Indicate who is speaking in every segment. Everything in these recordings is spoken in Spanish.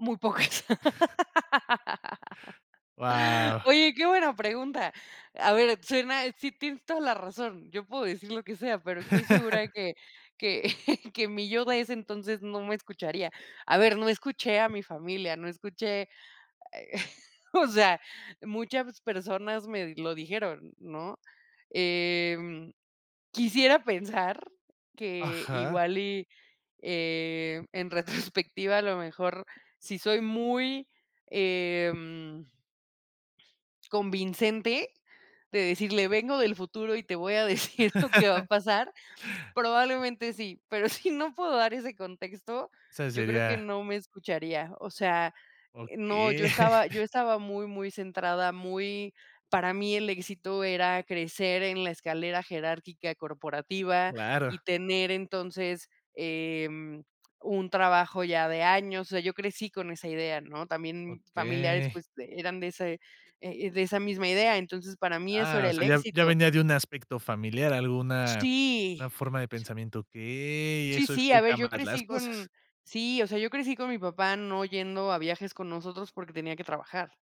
Speaker 1: Muy pocas.
Speaker 2: Guau.
Speaker 1: Oye, qué buena pregunta. A ver, suena sí tienes toda la razón. Yo puedo decir lo que sea, pero estoy segura que que que mi yo de ese entonces no me escucharía. A ver, no escuché a mi familia, no escuché, eh, o sea, muchas personas me lo dijeron, ¿no? Em, quisiera pensar que
Speaker 2: Ajá.
Speaker 1: igual, y, eh, en retrospectiva, a lo mejor sí soy muy, em convincente de decirle vengo del futuro, y te voy a decir lo que va a pasar, probablemente sí, pero si no puedo dar ese contexto,
Speaker 2: O sea,
Speaker 1: yo creo que
Speaker 2: sería
Speaker 1: no me escucharía. O sea, eh, no, yo
Speaker 2: Okey.
Speaker 1: estaba yo estaba muy, muy centrada, muy para mí el éxito era crecer en la escalera jerárquica corporativa, y
Speaker 2: Claro.
Speaker 1: tener entonces, em, un trabajo ya de años. O sea, yo crecí con esa idea, ¿no? También familiares,
Speaker 2: Okey.
Speaker 1: pues, eran de ese e e de esa misma idea, entonces para mí eso
Speaker 2: Ah,
Speaker 1: era
Speaker 2: o
Speaker 1: el
Speaker 2: sea, ya ya
Speaker 1: éxito.
Speaker 2: venía de un aspecto familiar, alguna
Speaker 1: Sí.
Speaker 2: una forma de pensamiento. Okey,
Speaker 1: Sí,
Speaker 2: eso
Speaker 1: sí, a ver,
Speaker 2: explica
Speaker 1: yo
Speaker 2: más las
Speaker 1: crecí
Speaker 2: cosas.
Speaker 1: con sí, o sea, yo crecí con mi papá no yendo a viajes con nosotros porque tenía que trabajar.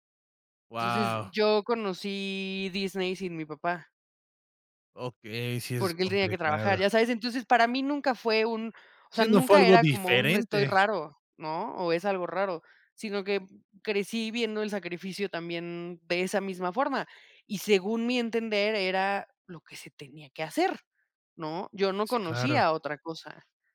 Speaker 1: Entonces,
Speaker 2: Guau.
Speaker 1: yo conocí Disney sin mi papá
Speaker 2: Okey, sí, eso es
Speaker 1: porque él tenía que
Speaker 2: complicado.
Speaker 1: trabajar, ya sabes. Entonces para mí nunca fue un o sea,
Speaker 2: Sí, no fue
Speaker 1: nunca
Speaker 2: algo
Speaker 1: era como un estoy
Speaker 2: diferente.
Speaker 1: raro, ¿no? O es algo raro, sino que crecí viendo el sacrificio también de esa misma forma, y, según mi entender, era lo que se tenía que hacer, ¿no? Yo no
Speaker 2: Sí, claro.
Speaker 1: conocía otra cosa.